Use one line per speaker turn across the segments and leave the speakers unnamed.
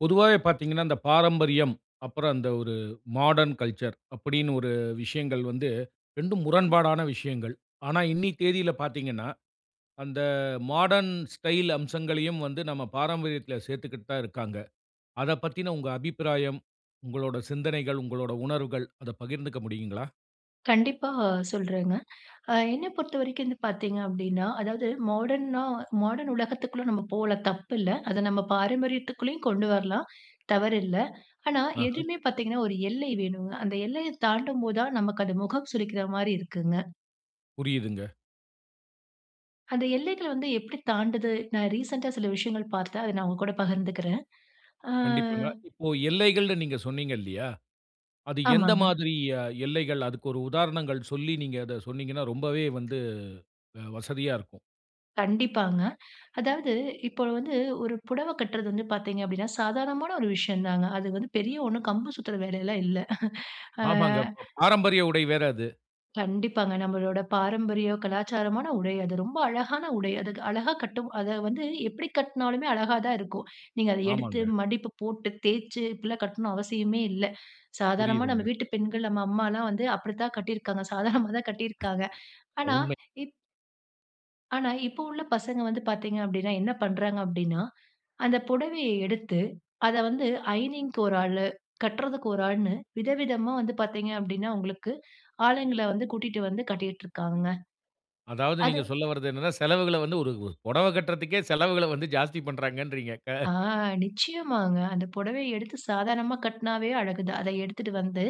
பொதுவாவே பாத்தீங்கன்னா, இந்த பாரம்பரியம், அப்புறம் அந்த ஒரு மாடர்ன் கல்ச்சர், அப்டீன்னு ஒரு விஷயங்கள் வந்து, இரண்டும் முரண்பாடான விஷயங்கள். ஆனா, இன்னி தேதியில பாத்தீங்கன்னா, அந்த மாடர்ன் ஸ்டைல் அம்சங்களையும் வந்து, நம்ப பாரம்பரியத்தில சேர்த்துக்கிட்டு தான் இருக்காங்க. அத பத்தின உங்க அபிப்பிராயம், உங்களோட சிந்தனைகள், உங்களோட உணர்வுகள் அத பகிர்ந்துக்க முடியுங்களா?
கண்டிப்பா, சொல்றேங்க. அ என்னை பொறுத்த வரைக்கும் வந்து பாத்தீங்க அப்டீன்னா, அதாவது மாடர்னா மாடர்ன் உலகத்துக்குள்ள நம்ப போலாம் தப்பு இல்ல. அத நம்ப பாரம்பரியத்துக்குள்ளயும் கொண்டு வரலாம். தவறில்ல. ஆனா,
ஆஹ.
எதுவுமே பாத்தீங்கன்னா, ஒரு எல்லை வேணுங்க. அந்த எல்லையைத் தாண்டும்போது தான், நமக்கு அது முகம் சுளிக்கிற மாதிரி இருக்குங்க.
புரியுதுங்க.
அந்த எல்லைகள் வந்து எப்படி தாண்டுது? நான் ரீசெண்ட்டா சில விஷயங்கள் பாத்தேன். அத நான் உங்க கூட பகிர்ந்துக்குறேன். அ.
கண்டிப்பாங்க. இப்போ எல்லைகள்னு நீங்க சொன்னீங்க இல்லையா? அது எந்த
ஆமாங்க.
மாதிரி அ எல்லைகள்? அதுக்கு ஒரு உதாரணங்கள் சொல்லி, நீங்க அத சொன்னீங்கன்னா, ரொம்பவே வந்து அ வசதியா இருக்கும்.
கண்டிப்பாங்க. அதாவது இப்போ வந்து ஒரு புடவ கட்டுறது வந்து பாத்தீங்க அப்டீன்னா, சாதாரணமான ஒரு விஷயம் தாங்க. அது வந்து பெரிய ஒண்ணும் கம்பு சூத்திர வேலை எல்லாம் இல்ல. ஆ.
ஆமாங்க, பா பாரம்பரிய உடை வேற அது.
கண்டிப்பாங்க. நம்பளோட பாரம்பரிய கலாச்சாரமான உடை. அது ரொம்ப அழகான உடை. அது அழகா கட்டும் அத வந்து எப்பிடி கட்னாலுமே அழகா தான் இருக்கும். நீங்க அத எடுத்து
ஆமாங்க.
மடிப்பு போட்டு, தேய்ச்சு இப்பிடிலாம் கட்ணும் அவசியமே இல்ல. சாதாரணமா நம்ப
புரியுதுங்க.
வீட்டு பெண்கள், நம்ப அம்மாலாம் வந்து அப்பிடித்தான் கட்டியிருக்காங்க. சாதாரணமா தான் கட்டியிருக்காங்க. ஆனா,
உண்மை.
இப் ஆனா இப்ப உள்ள பசங்க வந்து பாத்தீங்க அப்பிடின்னா, என்ன பண்றாங்க அப்பிடின்னா, அந்த புடவைய எடுத்து அத வந்து அயர்னிங்க்கு ஒரு ஆளு, கட்றதுக்கு ஒரு ஆள்னு விதவிதமா வந்து பாத்தீங்க அப்பிடின்னா, உங்களுக்கு ஆளுங்கள வந்து கூட்டிட்டு வந்து கட்டிக்கிட்டு இருக்காங்கங்க.
அதாவது
அது
நீங்க சொல்ல வர்றது என்னன்னா, செலவுகள வந்து ஒரு ஒரு புடவ கட்றதுக்கே செலவுகள வந்து ஜாஸ்தி பண்றாங்கறீங்க. கா
ஆ நிச்சயமாங்க. அந்த புடவைய எடுத்து சாதாரணமா கட்டினாவே அழகு தான். அத எடுத்துகிட்டு வந்து,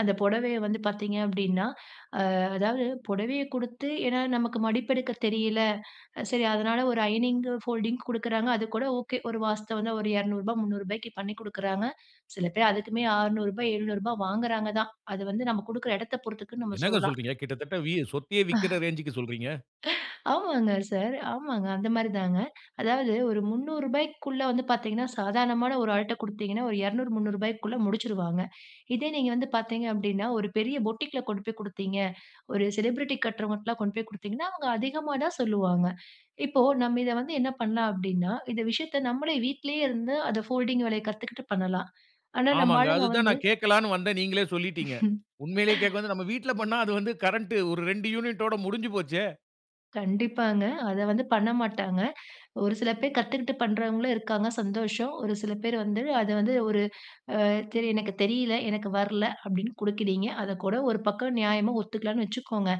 அந்த புடவைய வந்து பாத்தீங்க அப்பிடின்னா, அ அதாவது புடவைய குடுத்து ஏன்னா நமக்கு மடிப்பெடுக்க தெரியல, சரி அதுனால ஒரு அயர்னிங், ஃபோல்டிங் கொடுக்குறாங்க. அதுகூட, ஓகே. ஒரு வாஸ்தவந்தான். ஒரு ரூ. 200, ரூ. 300 க்கு பண்ணி கொடுக்குறாங்க. சில பேர் அதுக்குமே ரூ. 600, ரூ. 700 வாங்குறாங்க தான். அது வந்து நம்ப கொடுக்குற இடத்த பொறுத்துக்குன்னு நம்ப
என்னங்க
சொல்லலாம்.
சொல்றீங்க? கிட்டத்தட்ட வி சொத்தையே விக்கிற ரேஞ்சுக்கு சொல்றீங்க.
ஆமாங்க சார். ஆமாங்க. அந்த மாதிரி தாங்க. அதாவது ஒரு ரூ. 300 க்குள்ளே வந்து பாத்தீங்கன்னா, சாதாரணமான ஒரு ஆள்ட்ட குடுத்தீங்கன்னா, ஒரு 200, ரூ. 300 க்குள்ள முடிச்சுருவாங்க. இதே நீங்க வந்து பாத்தீங்க அப்பிடின்னா, ஒரு பெரிய போட்டீக்குல கொண்டுபோய் குடுத்தீங்க, ஒரு செலிப்ரிட்டி கட்டுறவங்கிட்லாம் கொண்டு போய் குடுத்தீங்கன்னா, அவுங்க அதிகமா தான் சொல்லுவாங்க. இப்போ நம்ப இத வந்து என்ன பண்ணலாம்? அப்பிடின்னா, இந்த விஷயத்த நம்பளே வீட்லேயே இருந்து அத ஃபோல்டிங் வேலைய கத்துக்கிட்டு பண்ணலாம். ஆனா நம்ப
ஆமாங்க.
ஆளுங்க
அதுதான்
வந்து,
நான் கேட்கலான்னு வந்தேன். நீங்களே சொல்லிட்டீங்க. உண்மையிலேயே கேட்க வந்து, நம்ப வீட்ல பண்ணா அது வந்து கரண்ட் ஒரு 2 யூனிட்டோட முடிஞ்சு போச்சே!
கண்டிப்பாங்க. அத வந்து பண்ண மாட்டாங்க. ஒரு சில பேர் கத்துக்கிட்டு பண்றவங்களும் இருக்காங்க, சந்தோஷம். ஒரு சில பேர் வந்து அத வந்து ஒரு அ சரி எனக்கு தெரியல, எனக்கு வர்ல அப்டின்னு குடுக்குறீங்க அதக்கூட ஒரு பக்கம் நியாயமா ஒத்துக்கலான்னு வச்சுக்கோங்க.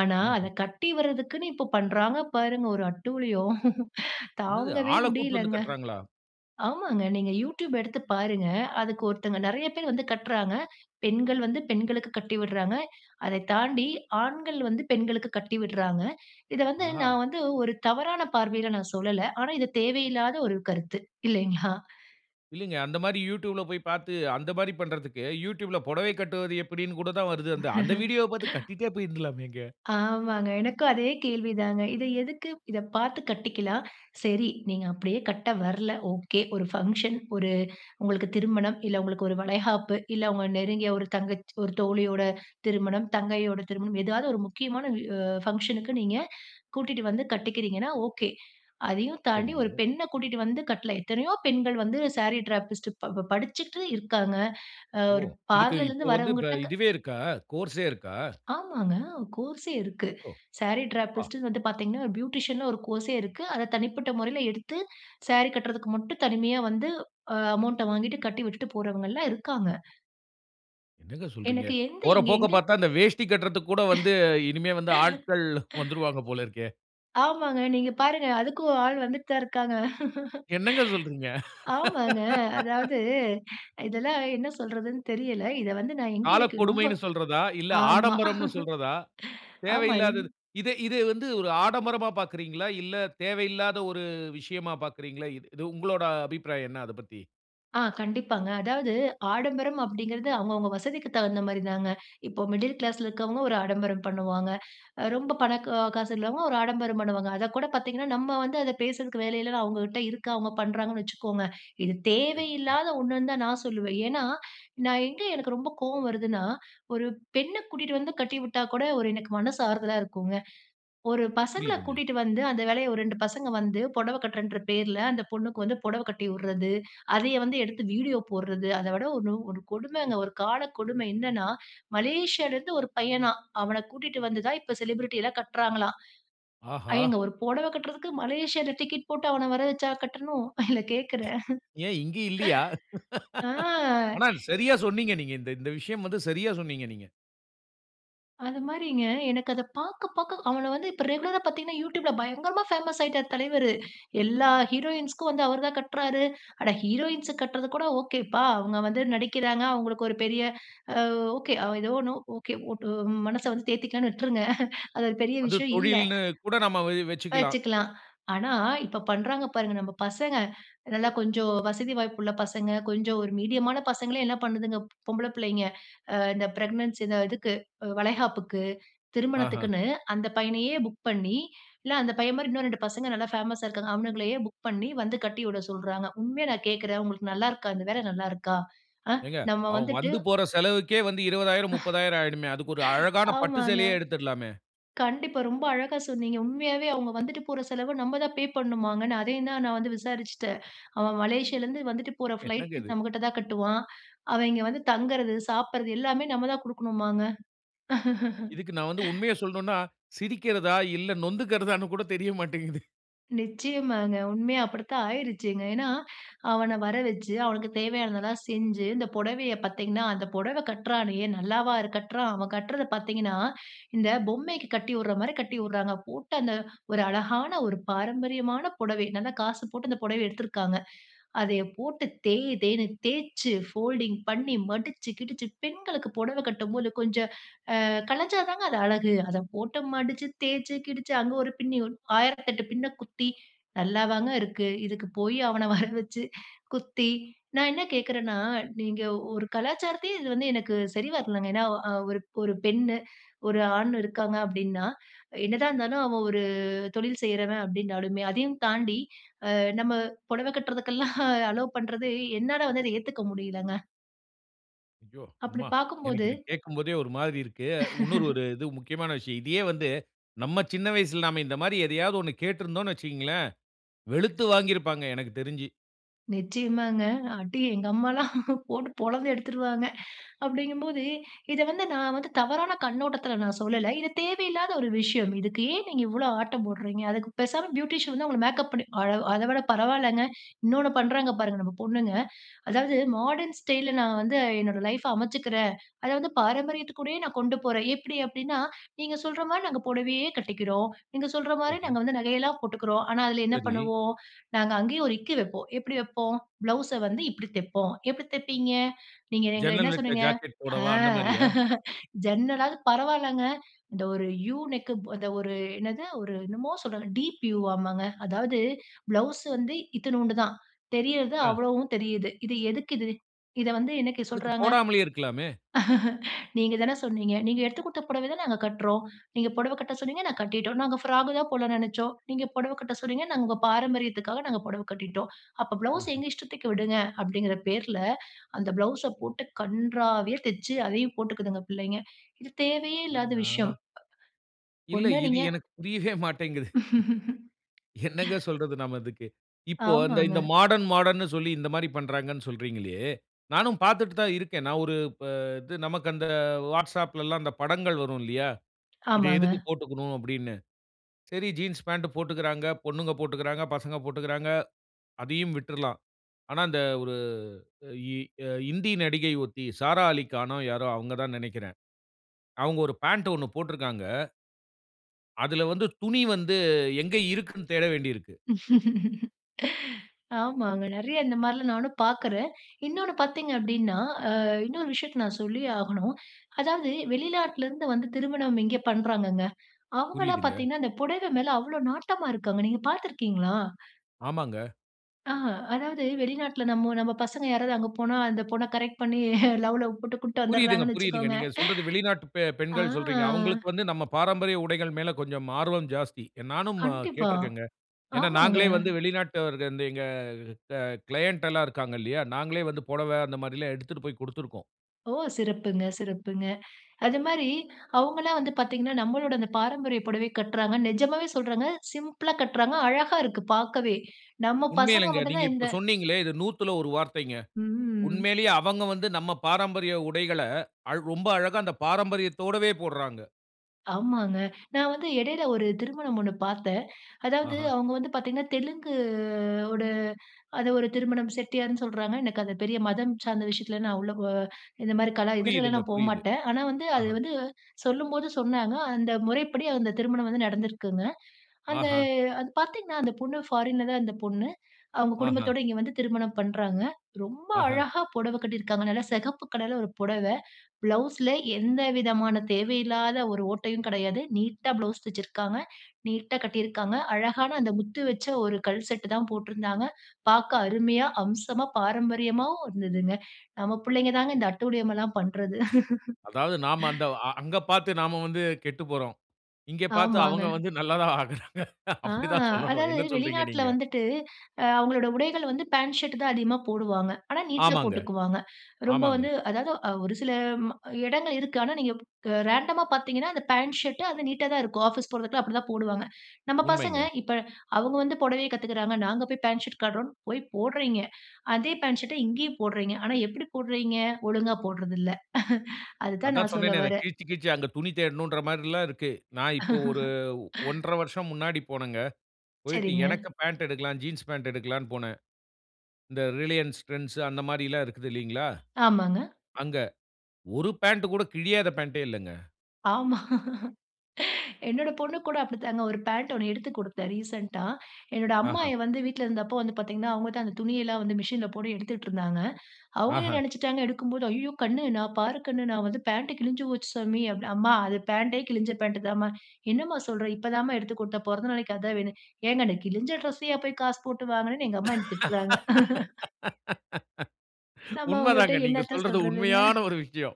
ஆனா அத
ம்ஹ்ம்.
கட்டி வர்றதுக்குன்னு இப்போ பண்றாங்க பாருங்க, ஒரு அட்டூழியம்.
என்னது?
தாங்கவே
ஆளை கூட்ன்னு வந்து
முடியலங்க.
கட்றாங்களா?
ஆமாங்க, நீங்க YouTube எடுத்து பாருங்க. அதுக்கு ஒருத்தங்க நெறைய பேர் வந்து கட்றாங்க. பெண்கள் வந்து பெண்களுக்கு கட்டி விட்றாங்க. அதை தாண்டி, ஆண்கள் வந்து பெண்களுக்கு கட்டி விட்றாங்க. இத வந்து
ஆஹா!
நான் வந்து ஒரு தவறான பார்வைல நான் சொல்லல. ஆனா, இது தேவையில்லாத ஒரு கருத்து இல்லைங்களா?
இல்லைங்க. அந்த மாரி YouTubeல போய் பாத்து, அந்த மாரி பண்றதுக்கு, YouTubeல பொடவை கட்டுவது எப்படின்னு கூட தான் வருது. அந்த அந்த வீடியோவ பாத்து கட்டிட்டே போய்ருந்தலாமேங்க!
ஆமாங்க. எனக்கும் அதே கேள்விதாங்க. இத எதுக்கு இத பாத்து கட்டிக்கலாம். சரி, நீங்க அப்டியே கட்ட வரல, ஓகே. ஒரு ஃபங்ஷன், ஒரு உங்களுக்கு திருமணம், இல்ல உங்களுக்கு ஒரு வளைகாப்பு, இல்ல உங்க நெருங்கிய ஒரு தங்கச்சி ஒரு தோழியோட திருமணம், தங்கையோட திருமணம் ஏதாவது, ஒரு முக்கிய மான வி ஃபங்க்ஷனுக்கு நீங்க கூட்டிட்டு வந்து கட்டிக்கிறீங்கன்னா ஓகே. அதையும் தாண்டி, ஒரு
சரிங்க.
பெண்ண கூட்டிகிட்டு வந்து கட்ல! எத்தனையோ பெண்கள் வந்து சாரி டிராபிஸ்டு ப்ப படிச்சுட்டு இருக்காங்க.அ
ஓ!
ஒரு
இதுக்கு இப்போ
பார்லர்லருந்து
வந்து ப
வரவங்கட்ட க
இதுவே இருக்கா? கோர்ஸ்ஸே இருக்கா?
ஆமாங்க! கோர்ஸ்ஸே இருக்கு.
ஓ!
சாரி
ஆ.
டிராபிஸ்டுன்னு வந்து பாத்தீங்கன்னா, பியூட்டிஷியன்ல ஒரு கோர்ஸ்ஸே இருக்கு. அத தனிப்பட்ட மொறைல எடுத்து, சாரி கட்றதுக்கு மட்டும் தனிமயா வந்து, அ அமவுண்ட்ட வாங்கிட்டு கட்டி விட்டுட்டு போறவங்கல்லாம் இருக்காங்க.
என்னங்க சொல்றீங்க?
எனக்கு எந்த
போற
இங்க
போக்க
எங்க?
பார்த்தா, அந்த வேஷ்டி கட்றதுக்குகூட வந்து இனிமே வந்து ஆட்கள் வந்துருவாங்க போல இருக்கே!
ஆமாங்க, நீங்க பாருங்க. அதுக்கும் ஒரு ஆள் வந்துட்டுதான் இருக்காங்க.
என்னங்க சொல்றீங்க?
ஆமாங்க. அதாவது இதெல்லாம் என்ன சொல்றதுன்னு தெரியல. இத வந்து நான் எங்கே எனக்கு ரொம்ப,
காலக்கொடுமைன்னு சொல்றதா? இல்ல,
ஆமா.
ஆடம்பரம்ன்னு சொல்றதா?
ஆமா. ரெண்
தேவையில்லாதது. இத இது வந்து ஒரு ஆடம்பரமா பார்க்கிறீங்களா? இல்ல தேவையில்லாத ஒரு விஷயமா பார்க்கிறீங்களா? இது உங்களுடைய அபிப்ராயம் என்ன அதப் பத்தி?
ஆ, கண்டிப்பாங்க. அதாவது ஆடம்பரம் அப்பிடிங்கிறது அவுங்கவங்க வசதிக்கு தகுந்த மாரிதாங்க. இப்போ, மிடில் கிளாஸ்ல இருக்கிறவங்க ஒரு ஆடம்பரம் பண்ணுவாங்க. ரொம்ப பணக்க காசு உள்ளவங்க ஒரு ஆடம்பரம் பண்ணுவாங்க. அதகூட பார்த்தீங்கன்னா, நம்ம வந்து அத பேசுறதுக்கு வேல இல்ல, அவங்கக்கிட்ட இருக்கு அவுங்க பண்ணுறாங்கன்னு வச்சுக்கோங்க. இது
சரிங்க.
தேவையில்லாத ஒண்ணுனு தான் நான் சொல்லுவேன். ஏன்னா, நான் எங்கே எனக்கு ரொம்ப கோவம் வருதுன்னா, ஒரு பெண்ண கூட்டிட்டு வந்து கட்டிவிட்டா கூட ஒரு எனக்கு மனசு ஆறுதலா இருக்குங்க. ஒரு பசங்கள
புரியுதுங்க.
கூட்டிட்டு வந்து அந்த வேலைய ஒரு 2 பசங்க வந்து புடவ கட்றேன்ற பேர்ல அந்த பொண்ணுக்கு வந்து புடவ கட்டி விட்றது. அதைய வந்து எடுத்து வீடியோ போட்றது. அத விட ஒரு ஒரு கொடுமைங்க. ஒரு கால கொடுமை என்னனன்னா, மலேசியால இருந்து ஒரு பையனாம், அவன கூட்டிட்டு வந்துதான் இப்ப செலிபிரிட்டி எல்லாம் கட்றாங்களாம். ஏங்க,
ஆஹா!
ஒரு புடவை கட்றதுக்கு மலேசியால டிக்கெட் போட்டு அவன வரவச்சா கட்டணும்? இல்ல கேக்கிறேன்?
ஏன் இங்க இல்லியா?
ஆ.
ஆனா, சரியா சொன்னீங்க நீங்க. இந்த இந்த விஷயம் வந்து சரியா சொன்னீங்க நீங்க.
அதுமாரிங்க, எனக்கு அத பாக்க பாக்க அவன வந்து இப்ப ரெகுலரா பாத்தீங்கன்னா, யூடியூப்ல பயங்கரமா ஃபேமஸ் ஆயிட்டார் தலைவரு. எல்லா ஹீரோயின்ஸ்க்கும் வந்து அவரு தான் கட்றாரு! அட! ஹீரோயின்ஸுக்கு கட்றதுகூட ஓகேப்பா! அவுங்க வந்து நடிக்கிறாங்க, அவுங்களுக்கு ஒரு பெரிய அ ஓகே, ஏதோ ஒண்ணு ஓகே. ஒட்டு மனச வந்து தேத்திக்கலான்னு விட்ருங்க! அது ஒரு பெரிய
அது
விஷயம் இல்ல.
தொழில்ன்னு கூட நம்ம வ வச்சிக்கலாம்.
வச்சுக்கலாம். ஆனா, இப்ப பண்றாங்க பாருங்க! நம்ம பசங்க. நல்லா கொஞ்சம் வசதி வாய்ப்புள்ள பசங்க, கொஞ்சம் ஒரு மீடியமான பசங்களே! என்ன பண்ணுதுங்க, பொம்பள பிள்ளைங்க. அ இந்த ப்ரெக்னன்சி இந்த இதுக்கு அ வளைகாப்புக்கு,
ஆஹ்ம்.
திருமணத்துக்குன்னு, அந்த பையனையே புக் பண்ணி, இல்ல அந்த பையன்மாரி இன்னும் ரெண்டு பசங்க நல்லா ஃபேமஸா இருக்காங்க. அவனுங்களையே புக் பண்ணி வந்து கட்டிவிட சொல்றாங்க. உண்மையா நான் கேக்குறேன், உங்களுக்கு நல்லாருக்கா? இந்த வேலை நல்லாருக்கா? அ!
ஏங்க!
நம்ம
அவன்
வந்துட்டு
வந்து போற செலவுக்கே வந்து 20,000 30,000 ஆயிடுமே! அதுக்கொரு அழகான பட்டு
ஆமாங்க.
சேலையே எடுத்துர்லாமே!
கண்டிப்பா, ரொம்ப அழகா சொன்னீங்க. உண்மையாவே அவுங்க வந்துட்டு போற செலவு நம்ப தான் பே பண்ணுமாங்க. நான் அதையும் தான் நான் வந்து விசாரிச்சுட்டேன். அவன் மலேசியாலருந்து வந்துட்டு போற
என்னங்க
ஃப்ளைட்டு
இது?
நம்மக்கிட்ட தான் கட்டுவான். அவன் இங்கே வந்து தங்குறது சாப்பிட்றது எல்லாமே நம்ம தான் குடுக்கணுமாங்க.
இதுக்கு நான் வந்து உண்மைய சொல்ணுன்னா! சிரிக்கிறதா, இல்ல நொந்துக்கிறதான்னு கூட தெரிய மாட்டேங்குது.
நிச்சயமாங்க. உண்மையா அப்பிடித்தான் ஆயிருச்சுங்க. ஏன்னா, அவன வர வச்சு, அவனுக்கு தேவையானதெல்லாம் செஞ்சு, இந்த புடவைய பாத்தீங்கன்னா அந்த புடவ கட்றானே நல்லாவா இரு கட்டுறான்? அவன் கட்றத பாத்தீங்கன்னா, இந்த பொம்மைக்கு கட்டி விட்றமாரி கட்டி விட்றாங்க. போட்டு அந்த ஒரு அழகான ஒரு பாரம்பரியமான புடவை நல்ல காசு போட்டு அந்த புடவ எடுத்துருக்காங்க. அதையப் போட்டு தேய் தேய்ன்னு தேச்சு, ஃபோல்டிங் பண்ணி, மடிச்சு கிடிச்சு பெண்களுக்கு புடவ கட்டும்போது கொஞ்சம் அ கலஞ்சாதாங்க அது அழகு. அத போட்டு மடிச்சு, தேய்ச்சு, கிடிச்சு, அங்க ஒரு பின்னி உன் 1008 பின்ன குத்தி நல்லாவாங்க இருக்கு? இதுக்குப் போயி அவன வரவச்சு குத்தி, நான் என்ன கேட்குறேன்னா, நீங்க ஒரு கலாச்சாரத்தையே இது வந்து எனக்கு சரி வரலைங்க. ஏன்னா, அ ஒரு ஒரு பெண்ணு, ஒரு ஆண் இருக்காங்க அப்பிடின்னா, என்னதான் இருந்தாலும் அவன் ஒரு தொழில் செய்றவன் அப்பிடினாலுமே அதையும் தாண்டி அ நம்ம புடவ கட்டுறதுக்கெல்லாம் அலோவ் பண்றது என்னால வந்து அத ஏத்துக்க முடியலங்க.
ஐயோ!
அப்பிடி
அம்மா, எனக்கு
பாக்கும்போது
இத கேட்கும்போதே ஒரு மாரி இருக்கு. இன்னொரு ஒரு இது முக்கியமான விஷயம். இதையே வந்து நம்ம சின்ன வயசில நாம இந்தமாரி எதையாவது ஒன்னு கேட்டிருந்தோன்னு வச்சிக்கங்களேன், வெளுத்து வாங்கியிருப்பாங்க எனக்கு தெரிஞ்சு.
நிச்சயமாங்க. அடி எங்க அம்மாலாம் போட்டு பொழந்து எடுத்துருவாங்க. அப்டிங்கும்போது இத வந்து நான் வந்து தவறான கண்ணோட்டத்துல நான் சொல்லல. இது தேவையில்லாத ஒரு விஷயம், இதுக்கு ஏன் நீங்க இவ்வளோ ஆட்டம் போட்றீங்க? அதுக்கு பேசாம பியூட்டிஷியன் வந்து அவங்கள மேக்கப் பண்ணி அழ அத விட பரவால்லங்க. இன்னொன்னு பண்ணுறாங்க பாருங்க நம்ம பொண்ணுங்க. அதாவது மாடர்ன் ஸ்டைல்ல நான் வந்து என்னோட லைஃப்ப அமைச்சுக்கிறேன். அத வந்து பாரம்பரியத்துக்கூடயே நான் கொண்டு போறேன். எப்டி அப்டின்னா? நீங்க சொல்ற மாரி நாங்க பொடவையே கட்டிக்கிறோம். நீங்க சொல்ற மாரி
சரி.
நாங்க வந்து நகையெல்லாம் போட்டுக்கிறோம். ஆனா அதில என்ன
சரி.
பண்ணுவோம்? நாங்க அங்கேயும் ஒரு இக்கு வைப்போம். எப்டி வைப்போம்? ப்ளவுஸ்ஸ வந்து இப்படி தைப்போம்." எப்படி தைப்பீங்க?" நீங்க எங்கள என்ன
"ஜன்னல் வச்ச
சொன்னீங்க?
ஜாக்கெட்
அ
போடவா!" அந்த மாரியா?
ஜன்னலாவது பரவால்லங்க. இந்த ஒரு 'யூ' நெக்" ப இந்த ஒரு என்னது ஒரு என்னமோ சொல்றாங்க டீப் யூ வாமாங்க. அதாவது ப்ளவுஸ் வந்து இத்துணூண்டு தான். தெரியறது
அ.
அவ்வளவும் தெரியுது. இது எதுக்கு இது? இத வந்து இன்னைக்கி
அதுக்கு
சொல்றாங்க.
போடாமலே இருக்கலாமே!
"நீங்க தான சொன்னீங்க. நீங்க எடுத்து குடுத்த புடவையதான் நாங்க கட்றோம். நீங்க பொடவ கட்ட சொன்னீங்க. நாங்க கட்டிட்டோம். நாங்க ஃபிராக் தான் போடலாம்ன்னு நெனைச்சோம். நீங்க பொடவை கட்ட சொன்னீங்க. நாங்க உங்க பாரம்பரியத்துக்காக நாங்க பொடவை கட்டிட்டோம். அப்ப ப்ளவுஸ்
அஹ.
எங்க இஷ்டத்துக்கு விடுங்க". அப்படிங்கிற பேர்ல அந்த ப்ளவுஸ்ஸ போட்டு கன்றாவியா தச்சு அதையும் போட்டுக்கிதுங்க புள்ளைங்க இது தேவையே இல்லாத விஷயம்.
அடடா! இல்ல.
ஒண்ணு
இது
நீங்க...
எனக்கு புரியவே மாட்டேங்குது. என்னங்க சொல்றது நாம இதுக்கு? இப்போ அந்த இந்த
ஆமாங்க.
மாடர்ன் மாடர்ன் ன்னு சொல்லி இந்த மாரி பண்ணுறாங்கன்னு சொல்றீங்களே, நானும் பார்த்துட்டு தான் இருக்கேன். நான் ஒரு ப இது நமக்கு அந்த வாட்ஸ்அப்லலாம் அந்த படங்கள் வரும் இல்லையா? இத
ஆமாங்க.
எதுக்கு போட்டுக்கணும் அப்படின்னு. சரி ஜீன்ஸ் பேண்ட் போட்டுக்கிறாங்க. பொண்ணுங்க போட்டுக்கிறாங்க. பசங்க போட்டுக்கிறாங்க. அதையும் விட்டுறலாம். ஆனா அந்த ஒரு இ அ இந்தி நடிகை ஒருத்தி, "சாரா அலிகானோ" யாரோ அவங்க தான் நெனைக்கிறேன். அவங்க ஒரு பேண்ட் ஒண்ணு போட்டிருக்காங்க. அதில வந்து துணி வந்து எங்க இருக்குன்னு தேட வேண்டியிருக்கு.
ஆமாங்க. நெறைய இந்த மாரில்லாம் நானும் பார்க்கறேன். இன்னொன்னு பார்த்தீங்க அப்டின்னா, அ இன்னொரு விஷயத்த நான் சொல்லியே ஆகணும். அதாவது வெளிநாட்லருந்து வந்து திருமணம் இங்கே பண்ணுறாங்கங்க. அவங்கல்லாம்
புரியுதுங்க.
பார்த்தீங்கன்னா அந்த புடவை மேல அவ்வளோ நாட்டமா இருக்காங்க. நீங்க பார்த்திருக்கீங்களா?
ஆமாங்க.
ஆ அதாவது வெளிநாட்ல நம்ம நம்ம பசங்க யாராவது அங்கே போனா அந்த பொண்ண கரெக்ட் பண்ணி லவ் லவ் போட்டு கூட்டு
புரியுதுங்க,
வந்துடுறாங்கன்னு
புரியுதுங்க.
வச்சுக்கோங்க.
நீங்க சொல்றது வெளிநாட்டு
ஆ.
பெ-பெண்கள் சொல்றீங்க. அவுங்களுக்கு வந்து நம்ம பாரம்பரிய உடைகள் மேல கொஞ்சம் ஆர்வம் ஜாஸ்தி. நானும்
கண்டிப்பா.
கேட்டிருக்கேங்க. ஏன்னா,
ஆமாங்க.
நாங்களே வந்து வெளிநாட்டவர் எங்க க க்ளைன்ட்டு எல்லாம் இருக்காங்க இல்லயா! நாங்களே வந்து புடவ அந்தமாரில்லாம் எடுத்துட்டு போய் கொடுத்திருக்கோம்.
ஓ! சிறப்புங்க, சிறப்புங்க. அதுமாரி அவுங்கல்லாம் வந்து பார்த்தீங்கன்னா, நம்மளோட இந்த பாரம்பரிய புடவை கட்றாங்க. நிஜமாவே சொல்றங்க. சிம்பிளா கட்றாங்க, அழகா இருக்கு பார்க்கவே. நம்ம பசங்க
உண்மையிலேங்க.
மட்டும்
நீங்க
தான் இந்த
இப்ப சொன்னீங்களே! இது நூத்துல ஒரு வார்த்தைங்க.
ம்.
உண்மையிலேயே அவங்க வந்து நம்ம பாரம்பரிய உடைகள அழ் ரொம்ப அழகா அந்த பாரம்பரியத்தோடவே போடுறாங்க.
ஆமாங்க. நான் வந்து இடையில ஒரு திருமணம் ஒண்ணு பார்த்தேன். அதாவது
ஆஹா!
அவுங்க வந்து பார்த்தீங்கன்னா, தெலுங்கு ஓட ஒரு அது ஒரு திருமணம் செட்டியார்ன்னு சொல்றாங்க. எனக்கு அது பெரிய மதம் சார்ந்த விஷயத்தில நான் உள்ளபோ இந்தமாரி கலா இதுலலாம்
புரியுதுங்க,
நான் போ
புரியுது.
மாட்டேன். ஆனா வந்து அது
ஆஹா!
வந்து சொல்லும்போது சொன்னாங்க, அந்த முறைப்படி அந்த திருமணம் வந்து நடந்திருக்குங்க. அந்த
ஆஹா!
அது பார்த்தீங்கன்னா, அந்த பொண்ணு ஃபாரின் தான் அந்த பொண்ணு. அவுங்க
ஆஹா!
குடும்பத்தோட இங்கே வந்து திருமணம் பண்றாங்க. ரொம்ப
ஆஹா!
அழகா புடவ கட்டியிருக்காங்க. நல்லா சிகப்பு கலர்ல ஒரு புடவ. ப்ளவுஸ்ல எந்தவிதமான தேவையில்லாத ஒரு ஓட்டையும் கிடையாது. நீட்டா ப்ளவுஸ் தெச்சிருக்காங்க. நீட்டா கட்டியிருக்காங்க. அழகான அந்த முத்து வச்ச ஒரு கல் செட்டுதான் போட்ருந்தாங்க. பார்க்க அருமையா, அம்சமா பாரம்பரியமாகவும் இருந்ததுங்க. நம்ம பிள்ளைங்க தாங்க இந்த அட்டூழியம்லாம் பண்றது.
அதாவது, நாம அந்த அங்க பார்த்து நாம வந்து கெட்டுப்போறோம். இங்க பார்த்து அவுங்க
ஆமாங்க.
வந்து நல்லா தான் ஆகறாங்க.
ஆ
அப்பிடித்தான் சொல்லணும்.
அதாவது
என்ன சொல்றீங்க,
வெளிநாட்ல
நீங்க?
வந்துட்டு அ அவுங்களோட உடைகள் வந்து பேண்ட் ஷர்ட் தான் அதிகமா போடுவாங்க. ஆனா, நீட்டா
ஆமாங்க,
போட்டுக்குவாங்க. ரொம்ப
ஆமாங்க.
வந்து அதாவது அ ஒரு சில ம இடங்கள் இருக்கு. ஆனா, நீங்க அ ரேண்டமா பார்த்தீங்கன்னா, அந்த பேண்ட் ஷர்ட், அது நீட்டாதான் இருக்கும். ஆஃபீஸ் போறதுக்குலாம் அப்பிடிதான் போடுவாங்க. நம்ம பசங்க
உண்மைங்க.
இப்ப அவுங்க வந்து புடவைய கத்துக்கிறாங்க. நாங்க போய் பேண்ட் ஷர்ட் காட்டுறோன்னு போய் போடுறீங்க. அதே பேண்ட் ஷர்ட இங்கேயும் போடுறீங்க! ஆனா, எப்பிடி போடுறீங்க? ஒழுங்கா போட்றது இல்ல. அதுதான்
அதான்
நான் சொல்ல
சொன்னேனே! அத
வரேன்.
கிழிச்சி, கிழிச்சி அங்கே துணி தேடணுன்ற மாரில்லாம் இருக்கு. நான் இப்போ ஒரு 1-1/2 வருஷம் முன்னாடி போனங்க. போய்ட்டு
சரிங்க.
எனக்கு பேண்ட் எடுக்கலாம், ஜீன்ஸ் பேண்ட் எடுக்கலான்னு போனேன். இந்த ரிலையன்ஸ் ட்ரெண்ட்ஸ் அந்த மாரிலாம் இருக்குது இல்லீங்களா,
ஆமாங்க.
அங்க. ஒரு பேண்ட் கூட கிழியாத பேண்ட்டே இல்லங்க.
ஆமா என்னோட பொண்ணு கூட அப்பிடித்தாங்க. ஒரு பேண்ட் ஒண்ணு எடுத்து குடுத்தேன், ரீசென்ட்டா என்னோட
ஆஹா!
அம்மாயி வந்து வீட்ல இருந்தப்போ வந்து பாத்தீங்கன்னா, அவுங்க தான் அந்த துணியெல்லாம் வந்து மிஷினில போட்டு எடுத்துட்டு இருந்தாங்க. அவுங்க என்ன
ஆஹா!
நினைச்சுட்டாங்க எடுக்கும்போது, ஐய்யயோ! கண்ணு நான் பாரு, கண்ணு நான் வந்து பேண்ட் கிழிஞ்சு போச்சு சாமி, அப்படி அம்மா அது பேண்டே கிழிஞ்ச பேண்ட்டு தாம்மா. என்னம்மா சொல்ற, இப்ப தாம்மா எடுத்து குடுத்த பிறந்த நாளைக்கு அதான் வேணும். ஏங்கன்னு அந்த கிழிஞ்ச ட்ரெஸ்ஸையா போய் காசு போட்டு வாங்குனேன்னு எங்க அம்மா என்னைய திட்டுறாங்க நம்ப
உண்மை
அவுங்கக்கிட்ட
தான். நீங்க
என்னத்த
சொல்றது
சொல்றதுங்க.
உண்மையான ஒரு விஷயம்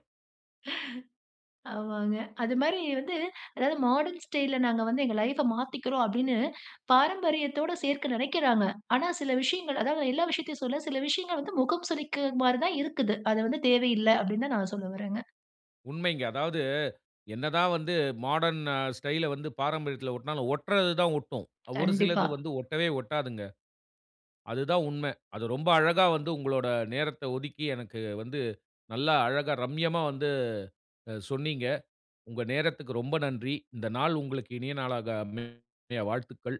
ஆமாங்க. அது மாரி வந்து அதாவது மாடர்ன் ஸ்டைல்ல நாங்க வந்து எங்கள் லைஃப் மாத்திக்குறோம். அப்பிடின்னு பாரம்பரியத்தோடு சேர்க்க நினைக்குறாங்க. ஆனா, சில விஷயங்கள் அதாவது எல்லா விஷயத்தையும் சொல்ல, சில விஷயங்கள் வந்து முகம் சுழிக்க மாரி தான் இருக்குது. அது வந்து தேவையில்ல அப்பிடின்னு தான் நான் சொல்ல வரேங்க.
உண்மைங்க. அதாவது என்னதான் வந்து மாடர்ன் ஸ்டைல வந்து பாரம்பரியத்துல ஒட்டுனாலும் ஒட்டுறது தான் ஒட்டும். ஒரு
கண்டிப்பா.
சிலது வந்து ஒட்டவே ஒட்டாதுங்க. அதுதான் உண்மை. அது ரொம்ப அழகா வந்து உங்களோட நேரத்த ஒதுக்கி எனக்கு வந்து நல்லா அழகா ரம்யமா வந்து அ சொன்னீங்க. உங்க நேரத்துக்கு ரொம்ப நன்றி. இந்த நாள் உங்களுக்கு இனிய நாளாக அமைய வாழ்த்துக்கள்.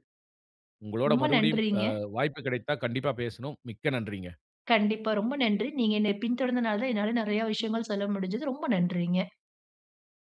உங்களோட
ரொம்ப
மறுபடியும்
நன்றிங்க.
அ வாய்ப்பு கிடைத்தா, கண்டிப்பா பேசணும். மிக்க நன்றிங்க.
கண்டிப்பா. ரொம்ப நன்றி. நீங்க என்னைய பின் தொடர்ந்ததனால தான், என்னால நிறைய விஷயங்கள் சொல்ல முடிஞ்சது. ரொம்ப நன்றிங்க.